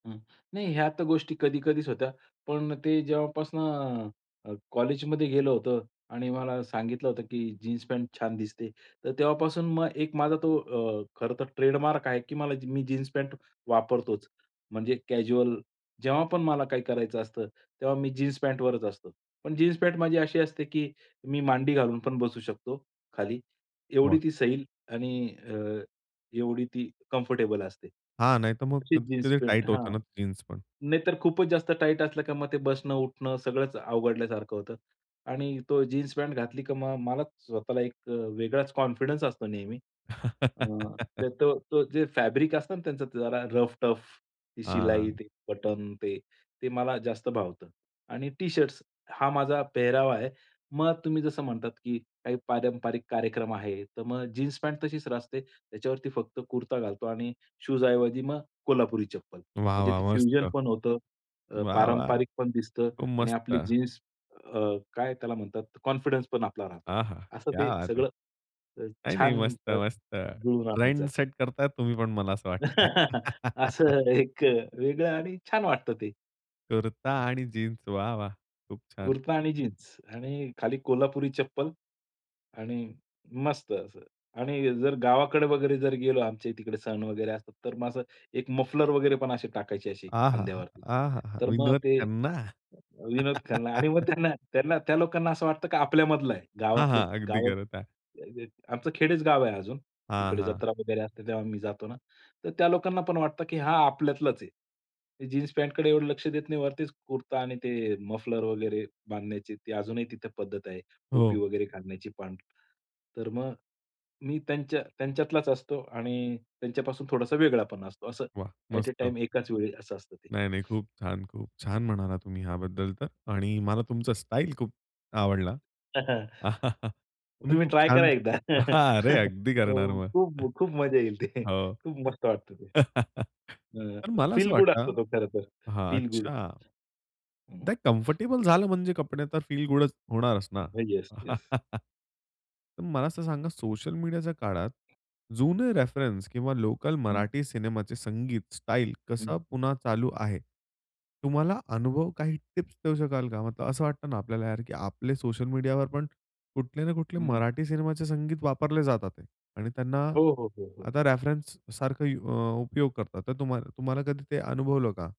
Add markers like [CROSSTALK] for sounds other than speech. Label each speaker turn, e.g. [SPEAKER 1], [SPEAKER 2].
[SPEAKER 1] हं, नाही ह्या तर गोष्टी कधी-कधीच होत्या पण ते जेव्हापासून अ, कॉलेजमध्ये गेलं होतो आणि मला सांगितलं होतं, की जीन्स पॅन्ट छान दिसते. तर तेव्हापासून मग एक माझा तो अ, खरं तर ट्रेडमार्क आहे की मला मी जी मी जीन्स पॅट वापरतोच म्हणजे कॅज्युअल जेव्हा पण मला काही करायचं असतं, तेव्हा मी जीन्स पॅन्टवरच असतो. पण जीन्स पॅन्ट माझी अशी असते की मी मांडी घालून पण बसू शकतो खाली एवढी
[SPEAKER 2] वाह!
[SPEAKER 1] ती सैल आणि अ, एवढी ती कम्फर्टेबल असते.
[SPEAKER 2] हां, नाहीतर मग
[SPEAKER 1] अशी
[SPEAKER 2] [UNINTELLIGIBLE]
[SPEAKER 1] जीन्स
[SPEAKER 2] कधी
[SPEAKER 1] पॅन्ट
[SPEAKER 2] टाईट होता
[SPEAKER 1] हां.
[SPEAKER 2] ना जीन्स पण.
[SPEAKER 1] नाहीतर खूपच जास्त टाईट असलं की मग ते बसणं-उठणं सगळंच अवघडल्यासारखं होतं. आणि तो जीन्स पॅन्ट घातली, की मग मलाच स्वतःला एक अ, वेगळाच कॉन्फिडन्स असतो नेहमी. अ,
[SPEAKER 2] [LAUGHS]
[SPEAKER 1] ते तो तो जे फॅब्रिक असतं ना त्याचं जरा रफ-टफ ती शिलाई,
[SPEAKER 2] हां.
[SPEAKER 1] ते बटन, ते, ते मला जास्त भावतं. आणि टी-शर्ट्स हा माझा पेहरावा आहे. मग आता तुम्ही जसं म्हणतात की काही पारंपरिक कार्यक्रम आहे. तर मग जीन्स पॅन्ट तशीच राहते. त्याच्यावरती फक्त कुर्ता घालतो आणि शूज ऐवजी मग कोल्हापुरी चप्पल.
[SPEAKER 2] वाह!
[SPEAKER 1] म्हणजे
[SPEAKER 2] वाह!
[SPEAKER 1] ते फ्युजन
[SPEAKER 2] मस्त.
[SPEAKER 1] पण होतं अ,
[SPEAKER 2] वाह! वाह!
[SPEAKER 1] पारंपरिक पण दिसतं
[SPEAKER 2] खूप
[SPEAKER 1] आणि आपली
[SPEAKER 2] मस्त.
[SPEAKER 1] जीन्स अ, काय त्याला म्हणतात कॉन्फिडन्स पण आपला राहतो.
[SPEAKER 2] आहा,
[SPEAKER 1] असं
[SPEAKER 2] क्या
[SPEAKER 1] ते
[SPEAKER 2] बात है!
[SPEAKER 1] सगळं, अ,
[SPEAKER 2] नाही, नाही.
[SPEAKER 1] छान
[SPEAKER 2] मस्त-मस्त
[SPEAKER 1] जुळवून आणायचं
[SPEAKER 2] लाईन
[SPEAKER 1] असं.
[SPEAKER 2] सेट करताय तुम्ही पण मला असं वाटतंय.
[SPEAKER 1] [LAUGHS]
[SPEAKER 2] [LAUGHS]
[SPEAKER 1] असं एक वेगळं आणि छान वाटतं ते.
[SPEAKER 2] कुर्ता आणि जीन्स वाह! वाह! खूप छान.
[SPEAKER 1] कुर्ता आणि जीन्स आणि खाली कोल्हापुरी चप्पल, आणि मस्त असं आणि जर गावाकडे वगैरे जर गेलो आमच्या तिकडे सण वगैरे असतात, तर मग असं एक मफलर वगैरे पण असे टाकायची अशी
[SPEAKER 2] आहाहा!
[SPEAKER 1] खांद्यावरती.
[SPEAKER 2] आहाहा!
[SPEAKER 1] तर मग
[SPEAKER 2] विनोद
[SPEAKER 1] ते
[SPEAKER 2] खन्ना.
[SPEAKER 1] अ, विनोद खन्ना आणि मग
[SPEAKER 2] [LAUGHS]
[SPEAKER 1] त्यांना त्यांना त्या लोकांना असं वाटतं की आपल्या मधला आहे.
[SPEAKER 2] हां,
[SPEAKER 1] गावातले
[SPEAKER 2] हां. अगदी
[SPEAKER 1] गाव अ,
[SPEAKER 2] करता.
[SPEAKER 1] ते आमचं खेडेच गाव आहे अजून.
[SPEAKER 2] हां,
[SPEAKER 1] तिकडे
[SPEAKER 2] हां.
[SPEAKER 1] जत्रा वगैरे असते तेव्हा मी जातो ना. तर त्या लोकांना पण वाटतं की हा आपल्यातलाच आहे. जीन्स पॅन्टकडे एवढं लक्ष देत नाही वरतीच कुर्ता आणि ते मफलर वगैरे बांधण्याची ते अजूनही तिथे पद्धत आहे. टोपी
[SPEAKER 2] हो.
[SPEAKER 1] वगैरे घालण्याची पण. तर मग मी त्यांच्या त्यांच्यातलाच असतो आणि त्यांच्यापासून थोडासा वेगळा पण असतो असं.
[SPEAKER 2] वाह!
[SPEAKER 1] ॲट अ
[SPEAKER 2] मस्त.
[SPEAKER 1] टाईम एकाच वेळी असं असतं ते.
[SPEAKER 2] नाही, नाही. खूप छान, खूप छान. म्हणाला तुम्ही ह्याबद्दल तर आणि मला तुमचा स्टाईल खूप आवडला. [CHUCKLES]
[SPEAKER 1] [CHUCKLES]
[SPEAKER 2] तुम्ही
[SPEAKER 1] तुम्ही पण
[SPEAKER 2] खूप
[SPEAKER 1] ट्राय करा
[SPEAKER 2] छान
[SPEAKER 1] एकदा.
[SPEAKER 2] हां, अरे,
[SPEAKER 1] [CHUCKLES]
[SPEAKER 2] अगदी करणार
[SPEAKER 1] हो,
[SPEAKER 2] मग.
[SPEAKER 1] खूप खूप मजा येईल ते.
[SPEAKER 2] हो.
[SPEAKER 1] खूप मस्त वाटतं ते
[SPEAKER 2] [CHUCKLES]
[SPEAKER 1] हं,
[SPEAKER 2] तर
[SPEAKER 1] असं
[SPEAKER 2] मला असं
[SPEAKER 1] फील गुड असतो
[SPEAKER 2] वाटतं
[SPEAKER 1] तो खरं तर.
[SPEAKER 2] हां,
[SPEAKER 1] फील गुड.
[SPEAKER 2] अच्छा. बट कम्फर्टेबल झालं म्हणजे कपडे तर फील गुडच होणारच ना.
[SPEAKER 1] हां, येस, येस.
[SPEAKER 2] [CHUCKLES] तर मला असं सांगा सोशल मीडियाच्या काळात, जुने रेफरन्स किंवा लोकल
[SPEAKER 1] हं.
[SPEAKER 2] मराठी सिनेमाचे संगीत स्टाईल
[SPEAKER 1] हं.
[SPEAKER 2] कसा पुन्हा चालू आहे? तुम्हाला अनुभव काही टिप्स देऊ शकाल का? मतलब असं वाटत ना आपल्याला यार, की आपले सोशल मीडियावर पण कुठले ना कुठले
[SPEAKER 1] हं.
[SPEAKER 2] मराठी सिनेमाचे संगीत वापरले जातात आहे आणि त्यांना
[SPEAKER 1] हो, हो, हो, हो.
[SPEAKER 2] आता रेफरन्स सारखं अ, उपयोग करतात तर तुम्हाला तुम्हाला कधी ते अनुभवलं का?